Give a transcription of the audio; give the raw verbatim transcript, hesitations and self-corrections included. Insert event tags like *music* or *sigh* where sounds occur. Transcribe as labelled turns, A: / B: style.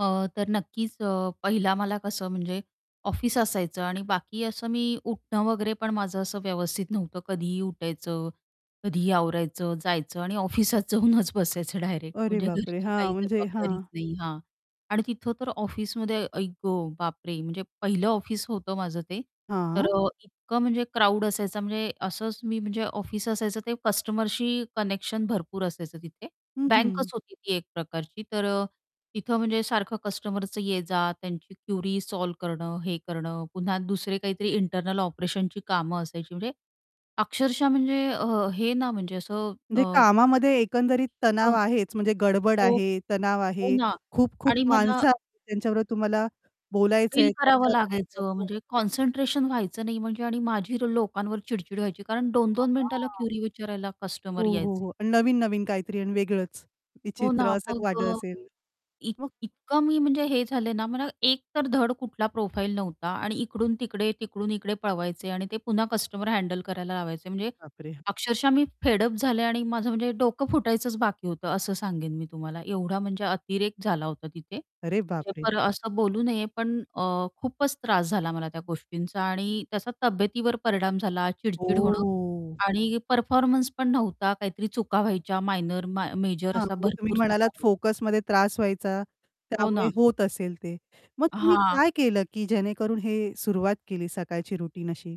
A: अ, तर नक्कीच अ, पहिला मला कसं म्हणजे ऑफिस असायचं. आणि बाकी असं मी उठणं वगैरे पण माझं असं व्यवस्थित नव्हतं, कधीही उठायचं, कधीही आवरायचं जायचं. आणि ऑफिसात जाऊनच बसायचं डायरेक्ट
B: अरे,
A: म्हणजे
B: बापरे!
A: घरची
B: हां,
A: काही
B: म्हणजे
A: जबाबदारीच
B: हां.
A: नाही. हां, आणि तिथं तर ऑफिसमध्ये आई ग बापरे, म्हणजे पहिलं ऑफिस होतं माझं ते. तर
B: हां.
A: अ, इतकं म्हणजे क्राउड असायचा म्हणजे असंच मी म्हणजे ऑफिस असायचं ते कस्टमरशी कनेक्शन भरपूर असायचं तिथे.
B: हं,
A: बँकच
B: हं.
A: होती ती एक प्रकारची. तर अ, तिथं म्हणजे सारखं कस्टमरच ये-जा, त्यांची क्युरी सॉल्व्ह करणं, हे करणं, पुन्हा दुसरे काहीतरी इंटरनल ऑपरेशनची कामं असायची, म्हणजे अक्षरशः म्हणजे अ, हे ना म्हणजे असं अ
B: म्हणजे कामामध्ये एकंदरीत
A: हो.
B: तणाव आहेच, म्हणजे गडबड
A: हो,
B: आहे, तणाव
A: हो
B: आहे,
A: ना.
B: खूप-खूप
A: आणि मला
B: माणसं आहेत, त्यांच्याबरोबर तुम्हाला बोलायचं
A: फील
B: आहे,
A: करावं
B: चर्चा करायच
A: लागायचं,
B: आहे.
A: म्हणजे कॉन्सन्ट्रेशन व्हायचं नाही. म्हणजे आणि माझी लोकांवर चिडचिड व्हायची. कारण दोन दोन मिनिटाला
B: *unintelligible*
A: क्युरी विचारायला
B: हो,
A: कस्टमर यायचे.
B: हो, हो. आणि नवीन-नवीन काहीतरी आणि वेगळंच,
A: हो ना.
B: विचित्र असं वाटत
A: मग
B: असेल.
A: इ
B: मग
A: इतकं मी म्हणजे हे झाले ना, मला एक तर धड कुठला प्रोफाईल नव्हता आणि इकडून-तिकडे, तिकडून-इकडे पळवायचे. आणि ते पुन्हा कस्टमर हँडल करायला लावायचे.
B: अरे
A: म्हणजे
B: बापरे!
A: अक्षरशः मी फेड अप झाले आणि माझं म्हणजे डोकं फुटायचंच बाकी होतं असं सांगेन मी तुम्हाला. एवढा म्हणजे अतिरेक झाला होता तिथे.
B: अरे, बापरे!
A: *unintelligible* असं बोलू नये, पण अ, खूपच त्रास झाला मला त्या गोष्टींचा आणि त्याचा तब्येतीवर परिणाम झाला चिडचिड होणं
B: ओ.
A: आणि परफॉर्मन्स पण नव्हता, काहीतरी चुका व्हायच्या मायनर, म मेजर
B: हां,
A: अशा
B: म्हणजे तुम्ही
A: भरपूर
B: म्हणालात
A: चुका *unintelligible*
B: फोकसमध्ये त्रास व्हायचा,
A: हो
B: त्यामुळे
A: ना.
B: होत असेल ते. मग तुम्ही
A: हां.
B: काय केलं, की जेणेकरून हे सुरुवात केली, सकाळची रुटीन अशी?